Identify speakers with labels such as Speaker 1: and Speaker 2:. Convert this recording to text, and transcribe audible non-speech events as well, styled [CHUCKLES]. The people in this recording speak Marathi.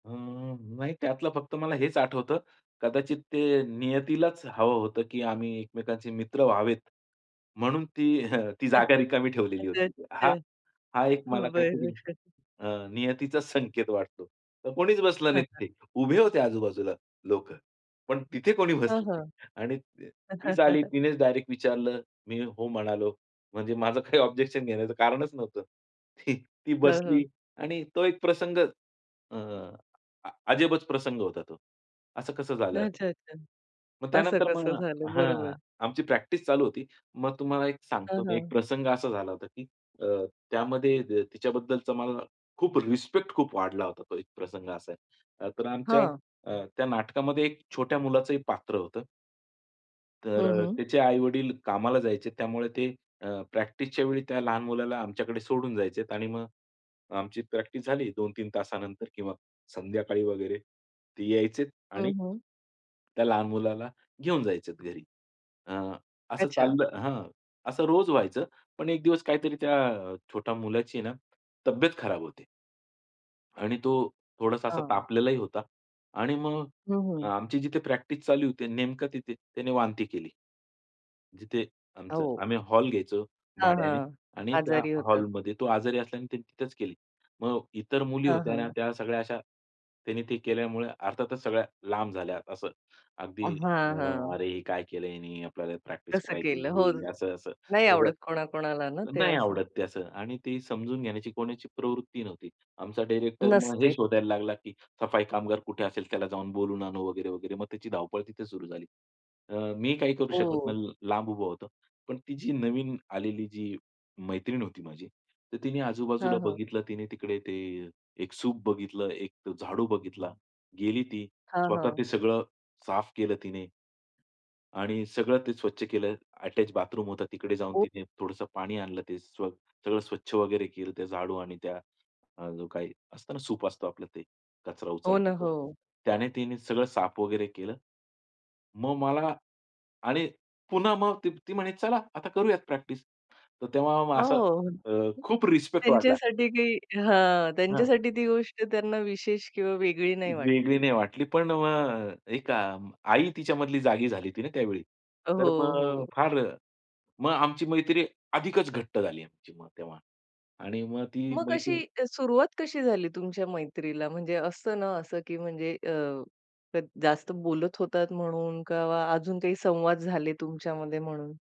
Speaker 1: अ, नाही त्यातलं फक्त मला हेच आठवतं. कदाचित ते नियतीलाच हवं होतं, की आम्ही एकमेकांचे मित्र व्हावेत, म्हणून ती हं, ती
Speaker 2: [UNINTELLIGIBLE]
Speaker 1: जागा रिकामी ठेवलेली होती हा, हा एक मला
Speaker 2: हं,
Speaker 1: काहीतरी
Speaker 2: बरं.
Speaker 1: अ, नियतीचाच संकेत वाटतो. तर कोणीच बसलं
Speaker 2: हं,
Speaker 1: नाही
Speaker 2: हं.
Speaker 1: तिथे. उभे होते आजू-बाजूला लोकं, पण तिथे कोणी
Speaker 2: हं,
Speaker 1: बसलं नाही
Speaker 2: हं.
Speaker 1: आणि तीच आली,
Speaker 2: [CHUCKLES]
Speaker 1: तिनेच डायरेक्ट विचारलं, मी हो म्हणालो. म्हणजे, माझं काही ऑब्जेक्शन घेण्याचं कारणच नव्हतं. [CHUCKLES] ती
Speaker 2: हं,
Speaker 1: बसली
Speaker 2: हं.
Speaker 1: आणि तो एक प्रसंग अ, अजबच प्रसंग होता तो. असं कसं झालं, असं.
Speaker 2: अच्छा, अच्छा.
Speaker 1: मग
Speaker 2: असं
Speaker 1: त्यानंतर मग
Speaker 2: कसं झालं. बरोबर.
Speaker 1: हं, आमची प्रॅक्टिस चालू होती. मग तुम्हाला एक सांगतो
Speaker 2: हं,
Speaker 1: मी, एक
Speaker 2: हं.
Speaker 1: प्रसंग असा झाला होता, की अ, त्यामध्ये अ, तिच्याबद्दलचा मला खूप रिस्पेक्ट खूप वाढला होता. तो एक प्रसंग असा आहे. अ, तर आमच्या
Speaker 2: हां.
Speaker 1: त्या अ, नाटकामध्ये एक छोट्या मुलाचंही पात्र होतं. तर
Speaker 2: हं,
Speaker 1: अ,
Speaker 2: हं.
Speaker 1: त्याचे आई-वडील कामाला जायचे. त्यामुळे ते अ, प्रॅक्टिसच्यावेळी त्या लहान मुलाला आमच्याकडे सोडून जायचे आणि मग आमची प्रॅक्टिस झाली, 2-3 तासानंतर किंवा संध्याकाळी वगैरे ते यायचे आणि
Speaker 2: हं, हं.
Speaker 1: त्या लहान मुलाला घेऊन जायचे घरी. अ, असं
Speaker 2: अच्छा.
Speaker 1: चाललं हं, असं रोज व्हायचं. पण एक दिवस काहीतरी त्या छोट्या मुलाची ना, तब्येत खराब होते. आणि तो थोडासा असा
Speaker 2: हं.
Speaker 1: तापलेलाही होता आणि मग
Speaker 2: हं, हं.
Speaker 1: आमची जिथे प्रॅक्टिस चालू होती, नेमकं तिथे त्याने वांती केली. जिथे आमचं,
Speaker 2: हो.
Speaker 1: आम्ही हॉल घ्यायचो
Speaker 2: हां,
Speaker 1: भाड्याने
Speaker 2: हां,
Speaker 1: आणि त्या
Speaker 2: आजारी होतात.
Speaker 1: हॉलमध्ये तो आजारी असल्याने त्याने तिथेच केली. मग इतर मुली
Speaker 2: हां,
Speaker 1: होत्या ना,
Speaker 2: हां.
Speaker 1: त्या सगळ्या अशा त्यांनी ते केल्यामुळे अर्थातच सगळ्या लांब झाल्या. असं अगदी
Speaker 2: अ, हां, हां.
Speaker 1: अरे, हे काय केलंय याने. आपल्याला प्रॅक्टिस
Speaker 2: कसं
Speaker 1: करायची
Speaker 2: केलं. हो,
Speaker 1: इथे, असं-असं
Speaker 2: नाही
Speaker 1: सगळं,
Speaker 2: आवडत कोणा-कोणाला ना, ते
Speaker 1: नाही
Speaker 2: असं.
Speaker 1: आवडत ते असं आणि ते समजून घेण्याची कोणाची प्रवृत्ती नव्हती. आमचा डायरेक्टर मग हे
Speaker 2: नसते.
Speaker 1: शोधायला लागला, की सफाई कामगार कुठे असेल, त्याला जाऊन बोलवून आणू वगैरे, वगैरे मग त्याची धावपळ तिथे सुरू झाली. अ, मी काही करू शकत
Speaker 2: हो.
Speaker 1: नाही. लांब उभा होतो. पण ती जी नवीन आलेली, जी मैत्रीण होती माझी, तर तिने
Speaker 2: हां,
Speaker 1: आजू-बाजूला
Speaker 2: हां.
Speaker 1: बघितलं, तिने तिकडे ते एक सूप बघितलं, एक झाडू बघितला, गेली ती
Speaker 2: हां,
Speaker 1: स्वतः ते
Speaker 2: हां.
Speaker 1: सगळं साफ केलं तिने. आणि सगळं ते स्वच्छ केलं. अटॅच बाथरूम होतं. तिकडे जाऊन
Speaker 2: ओ.
Speaker 1: तिने थोडंसं पाणी आणलं, ते स्व सगळं स्वच्छ वगैरे केलं त्या झाडू आणि त्या, जो काही असतं ना, सूप असतं आपलं ते कचरा
Speaker 2: हो ना,
Speaker 1: उचलण्याचा,
Speaker 2: हो.
Speaker 1: त्याने तिने सगळं साफ वगैरे केलं. मग मला आणि पुन्हा मग ती म्हणे, "चला आता करूयात प्रॅक्टिस." तर तेव्हा असा
Speaker 2: हो.
Speaker 1: अ, खूप रिस्पेक्ट वाढला.
Speaker 2: त्यांच्यासाठी काही हां,
Speaker 1: हां.
Speaker 2: त्यांच्यासाठी ती गोष्ट त्यांना विशेष किंवा वेगळी नाही
Speaker 1: वेगळी
Speaker 2: वाटली.
Speaker 1: नाही वाटली, पण मग एक अ, आई तिच्यामधली जागी झाली होती ना त्यावेळी.
Speaker 2: अ,
Speaker 1: तर
Speaker 2: हो,
Speaker 1: मग
Speaker 2: हो.
Speaker 1: फार मग आमची मैत्री अधिकच घट्ट झाली आमची मग तेव्हा आणि मग ती
Speaker 2: मग अशी
Speaker 1: मैत्रीण
Speaker 2: सुरुवात कशी झाली तुमच्या मैत्रीला म्हणजे असतं ना असं, की म्हणजे अ, जास्त बोलत होतात म्हणून किंवा अजून काही संवाद झाले तुमच्यामध्ये म्हणून?